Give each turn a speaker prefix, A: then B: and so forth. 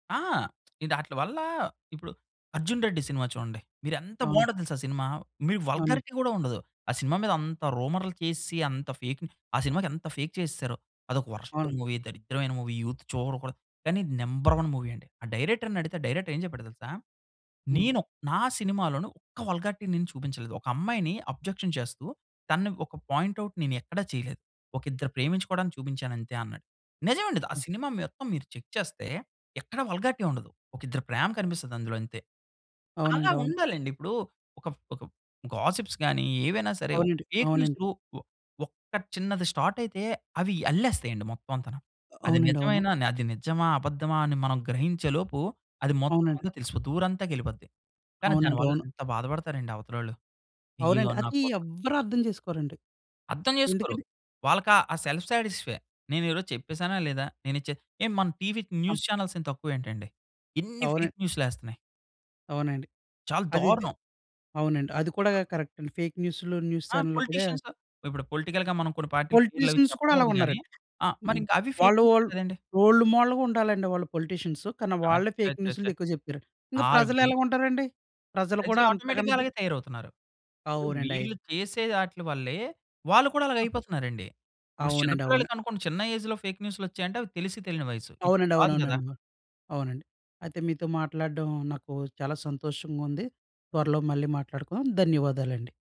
A: ఆ! ఇదాట్లీ వల్ల, ఇప్పుడు 'అర్జున్ రెడ్డి' సినిమా చూడండి. మీరు ఎంత
B: అవును.
A: బావుంటది తెలుసా ఆ సినిమా! మీ
B: అవును.
A: వల్‌గారి‌టి కూడా ఉండదు. ఆ సినిమా మీద అంత రూమర్‌లు చేసేసి, అంత ఫేక్ ఆ సినిమాకి ఎంత ఫేక్ చేసేసారో. అదొక వర్‌స్ట్
B: అవును.
A: మూవీ, దరిద్రమైన మూవీ, యూత్ చూడకూడదు. కానీ నంబర్ వన్ మూవీ అండి. ఆ డైరెక్టర్‌నడిగితే, ఆ డైరెక్టర్ ఏం చెప్పాడో తెలుసా?
B: హ్మ్.
A: నేను నా సినిమాలోను ఒక్క వల్‌గారి‌టి నేను చూపించలేదు. ఒక అమ్మాయిని అబ్జెక్షన్ చేస్తూ, తనను ఒక పాయింట్ ఔట్ నేను ఎక్కడ చేయలేదు. ఒక ఇద్దరు ప్రేమించుకోవడానికి చూపించాను అంతే అన్నాడు. నిజం అండి. ద ఆ
B: హ్మ్.
A: సినిమా మొత్తం మీరు చెక్ చేస్తే, ఎక్కడ వల్‌గారి‌టి ఉండదు. ఒక ఇద్దరి ప్రేమ కనిపిస్తది అందులో అంతే. అలా
B: అవునండి. అవును.
A: ఉండాలండి. ఇప్పుడు ఒక ఒక గాసిప్స్ గాని, ఏవైనా సరే
B: అవునండి.
A: ఫేక్
B: అవునండి.
A: న్యూస్‌లు, ఒ ఒక్క చిన్నది స్టార్ట్ అయితే, అవి అల్లేస్తాయండి మొత్తం అంతాను.
B: అ
A: అది
B: అవునండి. అవును.
A: నిజమేనా, అది నిజమా, అబద్దమా అని మనం గ్రహించే‌లోపు, అది మొత్తం
B: అవునండి.
A: అంతా తెలిసిపోద్ది. ఊరంతాకి వెళ్ళిపోద్ది. కానీ
B: అవునండి.
A: దానివల్ల
B: అవును.
A: ఎంత బాధపడతారండి అవతలోళ్ళు. ఇయ్యో!
B: అవునండి.
A: నా
B: అది
A: కోసం
B: ఎవ్వరు అర్థం చేసుకోరండి.
A: అర్థం చేసుకోరు.
B: ఎందుకని?
A: వాళ్ళకి ఆ సెల్ఫ్ సాటిస్ఫై. నేను ఈరోజు చెప్పేసానా, లేదా? నేను చే మన టీవీ
B: ఆ!
A: న్యూస్ చానెల్స్ ఏం తక్కువ ఏంటండి! ఇన్ని
B: అవున
A: ఫేక్ న్యూస్‌లేస్తున్నాయి.
B: అవునండి.
A: చాలా
B: అదైతే
A: దారుణం.
B: అవునండి. అది కూడా కరెక్ట్ అండి. ఫేక్ న్యూస్‌లు, న్యూస్
A: ఆ
B: ఛానెల్లో కూడా
A: పొలిటీషియన్స్. ఇప్పుడు పొలిటికల్‌గా మనం కొన్ని పార్టీ‌ల పేర్లవి
B: పొలిటీషియన్స్ కూడా అలా
A: చెప్పకూడదు గాని
B: ఉన్నారండి.
A: ఆ! మరి
B: హ్మ్
A: ఇంకా అవి ఫేక్
B: వాళ్ళు
A: న్యూసే
B: వాళ్ళు
A: కదండీ!
B: రోల్డ్ మోడల్‌గా ఉండాలండి. వాళ్ళు పొలిటీషియన్స్ కానీ, వాళ్ళే ఫేక్
A: అచ్చచ్చచ్చ!
B: న్యూస్‌లు ఎక్కువ చెప్పారండి. ఇంకా ప్రజలు
A: ఆర్బీ
B: ఎలా ఉంటారండి? ప్రజలు కూడా
A: ప్రజలు
B: అంతకన్నా
A: ఆటోమేటిక్‌గా
B: ద
A: అలాగే తయారవుతున్నారు. ఇప్పుడు
B: అవునండి. అయి
A: వీళ్ళు చేసే అట్లీ వల్లే, వాళ్ళు కూడా అలాగే
B: ఆ!
A: అయిపోతున్నారండి. ఇప్పుడు చిన్న
B: అవునండి. అవును.
A: పిల్లలకనుకోండి. చిన్న ఏజ్‌లో ఫేక్ న్యూస్‌లొచ్చాయంటే, అవి తెలిసి తెలియని వయస్సు. ఇప్పుడు
B: అవునండి.
A: కాదు కదా!
B: అవునవునండి. మ అవునండి. అయితే మీతో మాట్లాడడం నాకు చాలా సంతోషంగా ఉంది. త్వరలో మళ్ళీ మాట్లాడుకుందాం. ధన్యవాదాలండి.